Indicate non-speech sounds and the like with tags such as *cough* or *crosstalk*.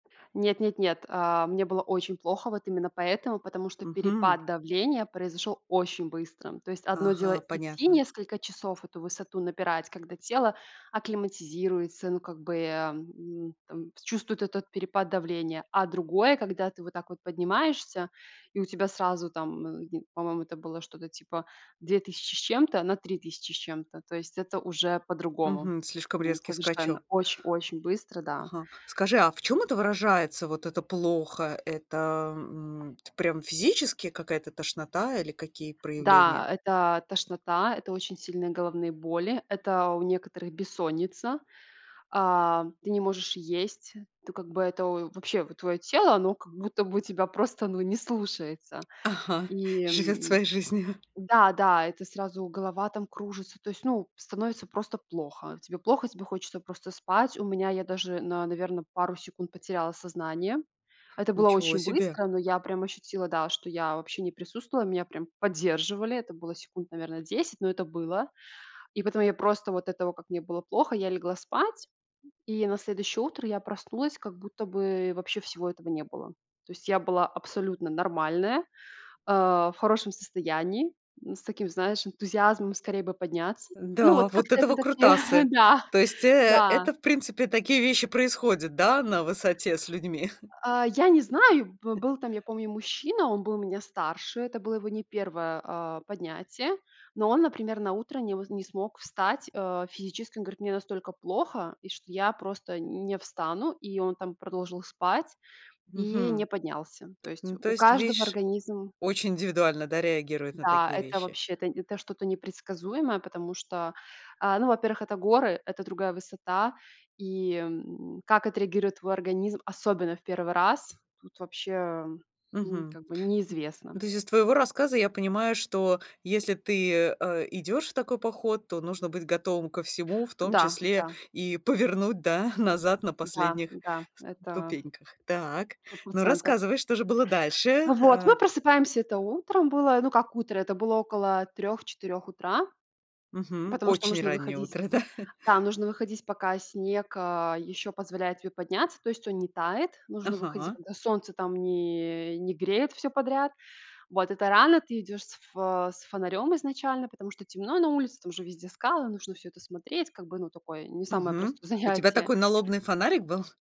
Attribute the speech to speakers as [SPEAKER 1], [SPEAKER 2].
[SPEAKER 1] Нет, нет, нет. А, мне было очень плохо, вот именно поэтому, потому что
[SPEAKER 2] Мгм.
[SPEAKER 1] перепад давления произошёл очень быстро. То есть одно дело
[SPEAKER 2] Ага,
[SPEAKER 1] идти
[SPEAKER 2] понятно.
[SPEAKER 1] несколько часов, эту высоту напирать, когда тело акклиматизируется, ну как бы, а, м, там, чувствует этот перепад давления. А другое, когда ты вот так вот поднимаешься и у тебя сразу, там, э, в по-моему, это было что-то типа 2 000 с чем-то на 3 000 с чем-то. То есть это уже по-другому,
[SPEAKER 2] Мгм, слишком
[SPEAKER 1] м,
[SPEAKER 2] резкий
[SPEAKER 1] совершенно.
[SPEAKER 2] скачок.
[SPEAKER 1] Очень очень быстро, да.
[SPEAKER 2] Ага. Скажи, а в чём это выражается, вот это "плохо"? Это, м, т прям физически какая-то тошнота или какие проявления?
[SPEAKER 1] Да, это тошнота, это очень сильные головные боли, это у некоторых бессонница, а, ты не можешь есть. То, как бы, это, в вообще, вот, твоё тело, оно как будто бы тебя просто, ну, не слушается.
[SPEAKER 2] Ага,
[SPEAKER 1] И,
[SPEAKER 2] живёт
[SPEAKER 1] м,
[SPEAKER 2] своей жизнью.
[SPEAKER 1] да, да, это сразу голова там кружится, то есть, ну, становится просто плохо. Тебе плохо, тебе хочется просто спать. У меня, я даже, на наверно, пару секунд потеряла сознание. Это было
[SPEAKER 2] Ничего
[SPEAKER 1] очень
[SPEAKER 2] себе.
[SPEAKER 1] быстро, но я прям ощутила, да, что я вообще не присутствовала. Меня прям поддерживали. Это было секунд, наверно, 10, но это было. И потом я просто вот этого, как мне было плохо, я легла спать, и на следующее утро я проснулась, как будто бы вообще всего этого не было. То есть я была абсолютно нормальная, э, в хорошем состоянии, н с таким, знаешь, энтузиазмом скорее бы подняться. Ну,
[SPEAKER 2] Да,
[SPEAKER 1] вот
[SPEAKER 2] вот
[SPEAKER 1] как-то
[SPEAKER 2] это
[SPEAKER 1] это такие,
[SPEAKER 2] выкрутасы!
[SPEAKER 1] *chuckles* да,
[SPEAKER 2] То есть, э,
[SPEAKER 1] да.
[SPEAKER 2] это, в принципе, такие вещи происходят, да, на высоте с людьми? *chuckles*
[SPEAKER 1] А, я не знаю, бы был там, я помню, мужчина, он был меня старше, это было его не 1, а, поднятие, но он, например, на утро не м не смог встать, э, физически. Он говорит: "Мне настолько плохо, и что я просто н не встану". И он там продолжил спать и не
[SPEAKER 2] Мгм.
[SPEAKER 1] поднялся. То есть,
[SPEAKER 2] Ну то
[SPEAKER 1] у
[SPEAKER 2] есть,
[SPEAKER 1] каждого
[SPEAKER 2] видишь,
[SPEAKER 1] организм
[SPEAKER 2] очень индивидуально, да, реагирует на
[SPEAKER 1] Да,
[SPEAKER 2] такие
[SPEAKER 1] это
[SPEAKER 2] вещи?
[SPEAKER 1] вообще, это это что-то непредсказуемое, потому что, а, ну, во-первых, это горы, это другая высота. И, м, как отреагирует твой организм, особенно в 1 раз, тут вообще, хм,
[SPEAKER 2] Мгм.
[SPEAKER 1] как бы
[SPEAKER 2] Н ну
[SPEAKER 1] неизвестно.
[SPEAKER 2] то есть, из твоего рассказа я понимаю, что если ты, э, идёшь в такой поход, то нужно быть готовым ко всему, в том
[SPEAKER 1] Да,
[SPEAKER 2] числе
[SPEAKER 1] да.
[SPEAKER 2] и повернуть, да, назад на
[SPEAKER 1] Да,
[SPEAKER 2] последних
[SPEAKER 1] да, это
[SPEAKER 2] ступеньках. Так.
[SPEAKER 1] сто
[SPEAKER 2] Ну,
[SPEAKER 1] процентов.
[SPEAKER 2] рассказывай, что же было дальше.
[SPEAKER 1] Вот,
[SPEAKER 2] Э.
[SPEAKER 1] мы просыпаемся, это, утром было, ну, как утро, это было около 3-4 утра,
[SPEAKER 2] Мгм.
[SPEAKER 1] потому что
[SPEAKER 2] Очень
[SPEAKER 1] нужно
[SPEAKER 2] раннее
[SPEAKER 1] выходить, э,
[SPEAKER 2] утро, да.
[SPEAKER 1] да, нужно выходить, пока снег, а, ещё позволяет тебе подняться. То есть он не тает, нужно выходить,
[SPEAKER 2] Ага.
[SPEAKER 1] когда солнце там не не греет всё подряд. Вот, это рано, ты идёшь с ф э, с фонарём изначально, потому что темно на улице, там уже везде скалы, нужно всё это смотреть. Как бы, ну, такое, не самое
[SPEAKER 2] Мгм.
[SPEAKER 1] простое
[SPEAKER 2] У тебя
[SPEAKER 1] занятие.
[SPEAKER 2] такой налобный фонарик был?